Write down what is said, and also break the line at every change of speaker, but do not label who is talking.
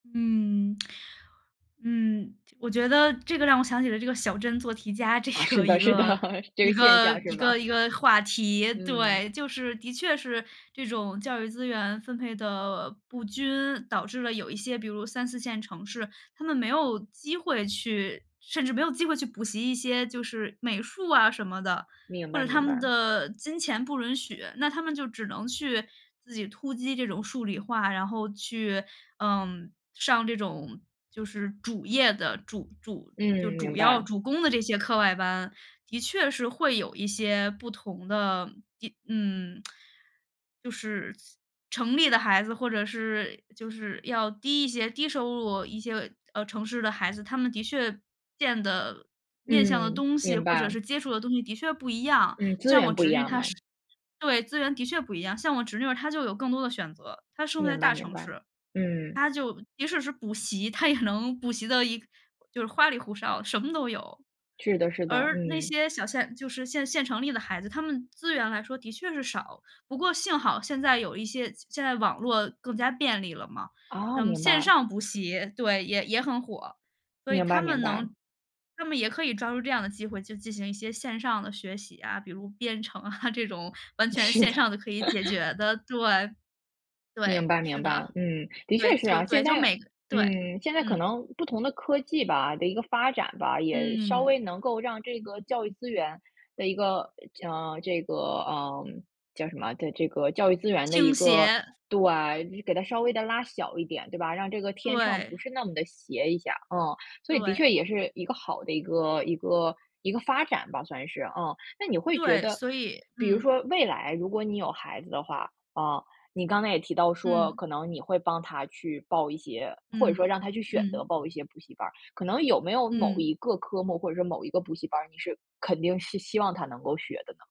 嗯。嗯，我觉得这个让我想起了这个小镇做题家这
啊，是
个一
的是的，
个
这
一
个现
个
象是
一个
吧？
一个话题。
嗯。
对，就是的确是这种教育资源分配的不均，导致了有一些，比如3，4线城市，他们没有机会去甚至没有机会去补习一些就是美术啊什么的。
明
或
白
者他
明
们
白。
的金钱不允许，那他们就只能去自己突击这种数理化，然后去，嗯，上这种就是主业的主主就
嗯，
主
明
要
白。
主攻的这些课外班，的确是会有一些不同的地嗯，就是城里的孩子，或者是就是要低一些，低收入一些，呃，城市的孩子，他们的确见的、面向的
嗯，
东西，
明
或者
白。
是接触的东西的确不一样。
嗯，资源不一样嘛。
像我侄女她是对，资源的确不一样，像我侄女儿她就有更多的选择，她生活在
明白
大
明
城
白。
市，
嗯。
她就即使是补习，她也能补习的就是花里胡哨，什么都有。
是的是的，
而那
嗯。
些小县就是县县城里的孩子，他们资源来说的确是少。不过幸好现在有一些现在网络更加便利了嘛，
哦，
那么
明
线
白。
上补习对，也也很火，所以
明
他
白明
们
白。
能他们也可以抓住这样的机会去进行一些线上的学习啊，比如编程啊，这种完全
是
线
的。
上的可以解 决的，对。对，
明白
是
明
的，
白，嗯，的
对，
确是
就
啊，
对，
现
就
在
每对，
嗯，现在可
嗯。
能不同的科技吧，的一个发展吧，也稍微
嗯。
能够让这个教育资源的一个，呃这个，呃叫什么的这个教育资源的
倾
一个
斜。
对，给它稍微地拉小一点，对吧？让这个天秤不
对。
是那么地斜一下，嗯。所以的
对。
确也是一个好的一个一个一个发展吧，算是啊。那你会觉
对，
得
所以
比如
嗯。
说未来如果你有孩子的话，啊，你刚才也提到说，
嗯。
可能你会帮他去报一些或者说
嗯，
让他去选择
嗯。
报一些补习班儿。可能有没有某
嗯。
一个科目，或者说某一个补习班儿，你是肯定是希望他能够学的呢？